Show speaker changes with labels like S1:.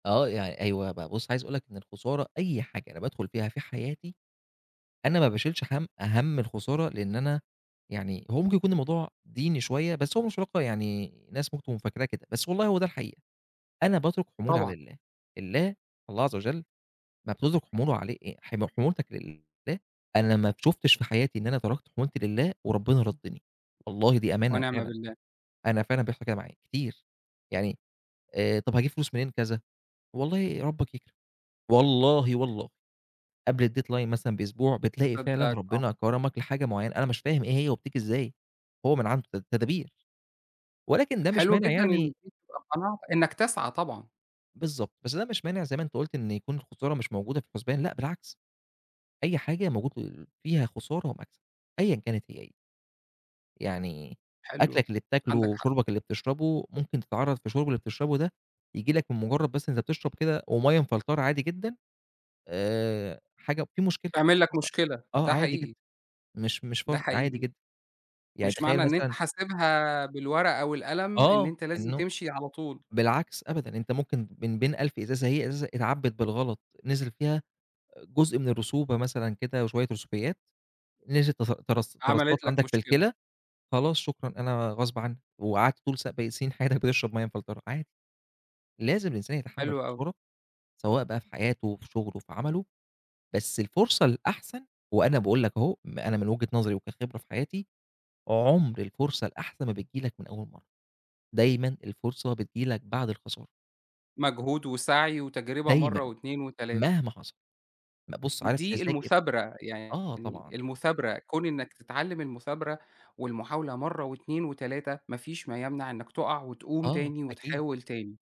S1: آه يعني أيوه بقى، بُصّ عايز أقول لك إن الخسارة أي حاجة أنا بادخل فيها في حياتي، أنا ما باشيلش هَمّ هَمّ الخسارة، لأن أنا يعني هو ممكن يكون الموضوع ديني شوية، بس هو مش في الواقع يعني الناس ممكن تكون فاكراه كده، بس والله هو ده الحقيقة؛ أنا باترك حمولي على
S2: طبعًا.
S1: الله، الله الله- عز وجل- لمّا بتترك حموله علي أأ حم حمولتك لله، أنا ما شُفتش في حياتي إن أنا تركت حمولتي لله وربنا رَدِّني، والله دي أمانة
S2: ونعم
S1: فعلًا،
S2: بالله.
S1: أنا فعلًا بيحصل كده معايا كتير، يعني آآ، طَب هاجيب فلوس منين كذا، والله ربك يكرم، والله والله قبل الdeadline مثلًا بأسبوع، بتلاقي فعلًا
S2: مصدقك، آه.
S1: ربنا كرمك لحاجة معينة، أنا مش فاهم إيه هي وبتيجي إزاي، هو من عنده ت تدابير، ولكن ده مش
S2: حلو
S1: مانع
S2: جدًا إن
S1: يعني
S2: دي تبقى قناعتك، إنك تسعى طبعًا.
S1: بالضبط، بس ده مش مانع- زي ما أنت قُلت- إن يكون الخسارة مش موجودة في الحُسبان، لأ بالعكس، أي حاجة موجود ال فيها خسارة ومَكسب، أيًّا كانت هي إيه. يعني
S2: حلو،
S1: أكْلك اللي بتاكله
S2: عندك حق.
S1: وشُربك اللي بتشربه ممكن تتعرَّض في الشُرب اللي بتشربه ده ييجي لك من مجرد بس أنت بتشرب كده ومَيّة مفلترة عادي جدًا آآ، حاجة في مشكلة
S2: تعمل لك
S1: حصلت،
S2: مشكلة،
S1: آه
S2: ده
S1: عادي جدًا
S2: حقيقي.
S1: مش مش
S2: ده
S1: فر عادي
S2: حقيقي،
S1: جدًا. يعني
S2: مش معنى
S1: تخيل
S2: إن أنت
S1: مثلًا
S2: حاسبها بالورقة والقلم إن
S1: آه،
S2: أنت لازم
S1: إنه
S2: تمشي على طول.
S1: بالعكس، أبدًا، أنت ممكن من بين 1000 إزازة، هي إزازة اتعبِّت بالغلط، نزِل فيها جزء من الرسوبة مثلًا كده وشوية رسوبيات، نزِلت تس ترس ترسَّبْت
S2: عملت لك
S1: عندك في
S2: مشكلة.
S1: الكِلى، خلاص شكرًا، أنا غصب عني، وقعدت طول س سنين حياتك بتشرب مَيّة مفلترة، عادي. لازم الإنسان يتحمل
S2: حلو أوي.
S1: الخسارة سواء بقى في حياته، في شغله، في عمله، بس الفرصة الأحسن وأنا باقول لك أهو م أنا من وجهة نظري وكخبرة في حياتي، عُمْر الفرصة الأحسن ما بتيجي لك من أول مَرّة، دايمًا الفرصة بتيجي لك بعد الخسارة.
S2: مجهود وسعي وتجربة مَرّة
S1: دايمًا،
S2: و2 و3.
S1: مهما حصل، م بُص عارف
S2: دي
S1: تذاكر
S2: المثابرة، يعني
S1: آه، طبعًا.
S2: المثابرة، كون إنك تتعلم المثابرة والمحاولة مَرّة و2 و3، ما فيش ما يمنع إنك تقع وتقوم
S1: آه،
S2: تاني
S1: أكيد.
S2: وتحاول تاني.